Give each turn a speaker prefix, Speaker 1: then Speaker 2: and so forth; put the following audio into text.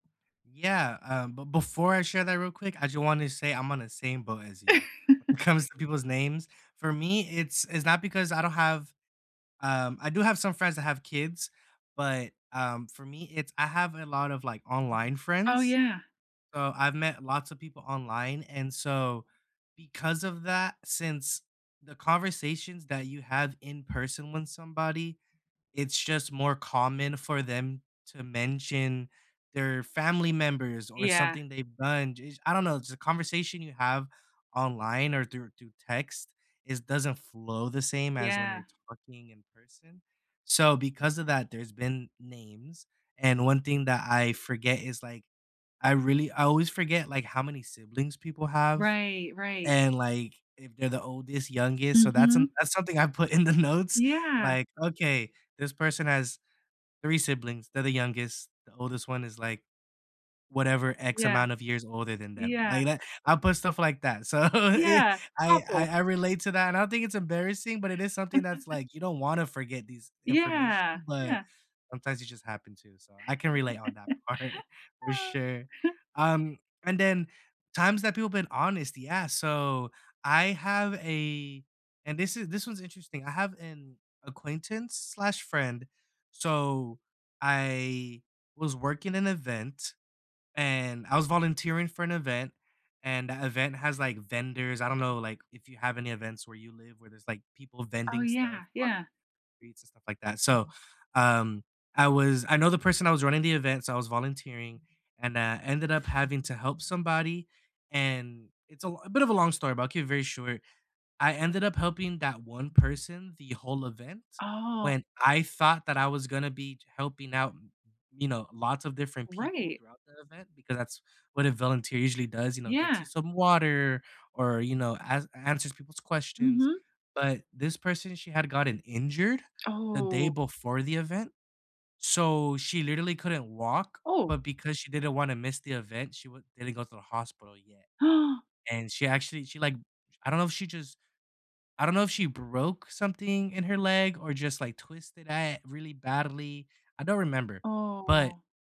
Speaker 1: Yeah, um, but before I share that real quick, I, just, wanted to say I'm on the same boat as you when it comes to people's names. For me, it's it's not because I don't have, um, I do have some friends that have kids, but, um, for me, it's I have a lot of, like, online
Speaker 2: Oh,
Speaker 1: friends,
Speaker 2: yeah.
Speaker 1: so, I've met lots of people online, and so, because of that, since the conversations that you have in person with somebody, it's, just, more common for them to mention their family members or
Speaker 2: Yeah.
Speaker 1: something they've done j I don't know, the conversation you have online or through through text is doesn't flow the same as when
Speaker 2: Yeah.
Speaker 1: you're talking in person, so, because of that, there's been names and one thing that I forget is, like, I really I always forget, like, how many siblings people have
Speaker 2: Right, right.
Speaker 1: and, like, if they're the oldest, youngest, so, that's an
Speaker 2: Mhm.
Speaker 1: that's something I put in the notes,
Speaker 2: Yeah.
Speaker 1: like, "Okay, this person has 3 siblings. They're the youngest. The oldest one is, like, whatever x
Speaker 2: Yeah,
Speaker 1: amount of years older than them."
Speaker 2: yeah.
Speaker 1: like that I put stuff like that. So, eh,
Speaker 2: Yeah,
Speaker 1: I I
Speaker 2: awful.
Speaker 1: I relate to that, and I don't think it's embarrassing, but it is something that's like, you don't wanna forget these information,
Speaker 2: Yeah,
Speaker 1: but
Speaker 2: yeah.
Speaker 1: sometimes you, just, happen to so, I can relate on that part for sure. Um, and then times that people been honest, yeah. So, I have a and this is this one's interesting. I have an acquaintance/friend, so, I was working an event, and I was volunteering for an event, and that event has, like, vendors. I don't know, like, if you have any events where you live where there's, like, people
Speaker 2: Oh,
Speaker 1: vending stuff
Speaker 2: yeah,
Speaker 1: on
Speaker 2: yeah.
Speaker 1: streets, and stuff like that. So, um, I was I know the person that was running the event, so I was volunteering, and, uh, ended up having to help somebody and it's a l a bit of a long story, but I'll keep it very short. I ended up helping that one person the whole event,
Speaker 2: Oh.
Speaker 1: when I thought that I was gonna be helping out, you know, lots of different people
Speaker 2: Right.
Speaker 1: throughout the event because that's what a volunteer usually does, you know, gets you
Speaker 2: Yeah.
Speaker 1: some water or, you know, ans answers people's questions,
Speaker 2: Mhm.
Speaker 1: but this person, she had gotten injured the day
Speaker 2: Oh.
Speaker 1: before the event, so she literally couldn't walk,
Speaker 2: Ooh.
Speaker 1: but because she didn't wanna miss the event, she w didn't go to the hospital yet and she actually, she like I don't know if she, just I don't know if she broke something in her leg or, just, like, twisted it really badly, I don't remember, but
Speaker 2: Aw.